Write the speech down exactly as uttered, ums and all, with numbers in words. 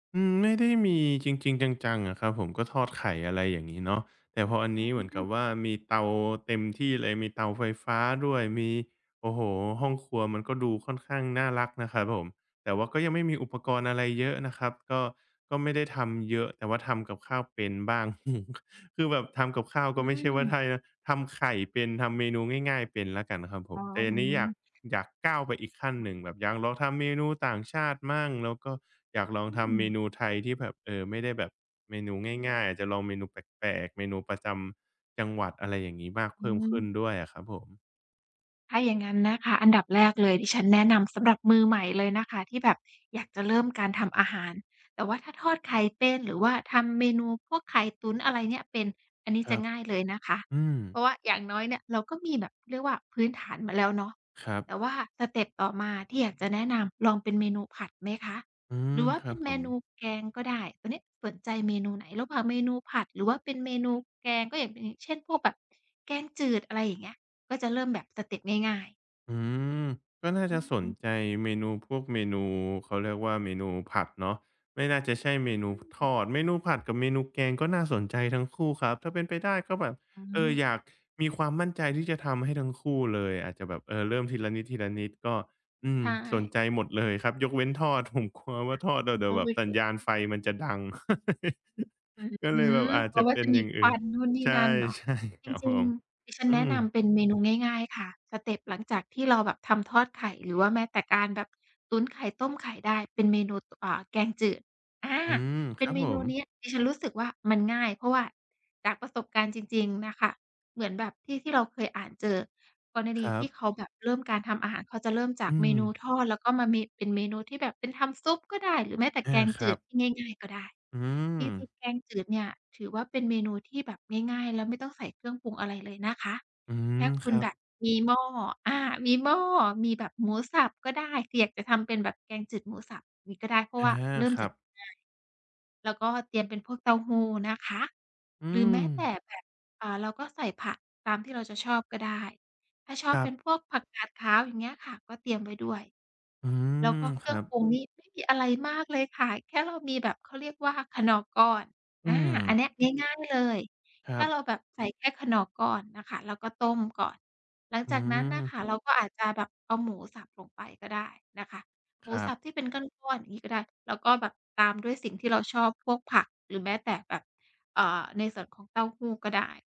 อืม ไม่ได้มีจริง ๆ จัง ๆ อะครับผม ก็ทอดไข่ อะไรอย่างงี้เนาะ แต่พออันนี้เอหืมือนกัม บว่า มีเตาเต็มที่เลย มีเตาไฟฟ้าด้วย มี โอ้โฮ ห้องครัว มันก็ดูค่อนข้างน่ารักนะครับผม แต่ว่าก็ยังไม่มีอุปกรณ์อะไรเยอะนะครับ ก็ ก็ไม่ได้ทำเยอะ แต่ว่าทำกับข้าวเป็นบ้าง คือแบบทำกับข้าวอกื็ไม่ใช่ว่าม ไท่ นะ ทำไข่เป็น ทำเมนูง่าย ๆ เป็นแล้วกันครับผอ๋อ ม แต่อืนี้ม อยาก อยากก้าวไปอีกขั้นหนึ่ง แบบอยากลองทำเมนูต่างชาติบ้าง แล้วก็อยากลอองืทำเมม นูไทยที่แบบ เอ่อ ไม่ได้แบบเมนูง่าย ๆ อาจจะลองเมนูแปลก ๆ เมนูประจำจังหวัด อะไรอย่างงี้ มากอเพืิ่มขึ้นม ด้วยอะครับผม ถ้าอย่างงั้นนะคะ อันดับแรกเลยดิฉันแนะนำสำหรับมือใหม่เลยนะคะ ที่แบบอยากจะเริ่มการทำอาหาร แต่ว่าถ้าทอดไข่เป็น หรือว่าทำเมนูพวกไข่ตุ๋นอะไรเนี่ยเป็น อันนี้คจระับ ง่ายเลยนะคะ อืเพรม าะว่าอย่างน้อยเนี่ยเราก็มีแบบ เขาเรียกว่า พื้นฐานมาแล้วเนาะ ครับ แต่ว่าสเต็ปต่อมาที่อยากจะแนะนำ ลองเป็นเมนูผัดไหมคะ อืหม รือว่าคเรปั็บนผเมนูม แกงก็ได้ ตัวนี้สนใจเมนูไหน ระหว่างเมนูผัด หรือว่าเป็นเมนูแกง? ก็อย่าง อย่างเช่นพวกแบบแกงจืด อะไรอย่างเงี้ย ก็จะเริ่มแบบสเต็ปง่าย ๆ อืม ก็น่าอจะสนืม ใจเมนูพวกเมนู เขาเรียกว่าเมนูผัดเนาะ ไม่น่าจะใช่เมนอู พ ทืม อด เมนูผัดกับเมนูแกงก็น่าสนใจทั้งคู่ครับ ถ้าเป็นไปได้ ก็แบบ อืเออ ม อยากมีความมั่นใจที่จะทำให้ทั้งคู่เลย อาจจะแบบ เออ เริ่มทีละนิด ๆ ก็ อืใม ชสน่ ใจหมดเลยครับยกเว้นทอด ผมกลัวว่าทอดแล้วเดีโ๋อยวแบบสัญญาณไ้ ฟมันจะดัง อืก็เลยแบม บอาเจพรจาะะว่เาป็จนะมอีย่างคอืว่ัน นนู่นนี่ใช่ นั่นเนาะ ๆ จครับริผง ม ๆ ดิฉัอนืแนะม นำเป็นเมนูง่าย ๆ ค่ะ สเต็ปหลังจากที่เราแบบทำทอดไข่ หรือว่าแม้แต่การแบบตุ๋นไข่ ต้มไข่ได้ เป็นเมนู ต อ่า เมนูแกงจืด อา อืม เปค็รนับเมผนูม เนี้ยดิฉันรู้สึกว่ามันง่าย เพราะว่าจากประสบการณ์จริง ๆ น่ะค่ะ เหมือนแบบที่ ที่เราเคยอ่านเจอ กรณคีรัที่บ เขาแบบเริ่มการทำอาหาร เขาจะเริ่มจาอืกเมนูม ทอด แล้วก็มาเม เป็นเมนูที่แบบ เป็นทำซุปก็ได้ หรือแม้แต่อแา กงคจรืัดบ ที่ง่าย ๆ ก็ได้ อืที่จรอ ิงแกงจืดเนี่ยถือว่าเป็นเมนูที่แบบง่าย ๆ แล้วไม่ต้องใส่เครื่องปรุงอะไรเลยนะคะ อืแค่อ คคุณรัแบบ บมีหม้อ อา มีหม้อ มีแบบหมูสับก็ได้ คืออยากจะทำเป็นแบบแกงจืดหมูสับนี้ก็ได้ เพราะอา ว่าเริ่มครจัากบ ง่าย แล้วก็เตรียมเป็นพวกเต้าหู้นะคะ อืหรือแม้แต่ม แบบ อ่า เราก็ใส่ผักตามที่เราจะชอบก็ได้ ถ้าชอคบรเัป็บ นพวกผักกาดขาว อย่างเงี้ยค่ะ ก็เตรียมไว้ด้วย อืแล้วอ ก็เคครื่รอัง บ ปรุงนี่ไม่มีอะไรมากเลยค่ะ แค่เรามีแบบ เขาเรียกว่าคนอร์ก้อน ออืา อันนม ี้ ง่าย ๆ เลย คแรคั่บ เราแบบ ใส่แค่คนอร์ก้อนนะคะ แล้วก็ต้มก่อน หลังอืจากนั้นน่ะคม ่ะเราก็อาจจะแบบเอาหมูสับลงไปก็ได้นะคะ หมคูรัสบ ับที่เป็นก้อน ๆ อย่างงี้ก็ได้ แล้วก็แบบตามด้วยสิ่งที่เราชอบ พวกผัก หรือแม้แต่แบบ อ่า ในส่วนของเต้าหู้ก็ได้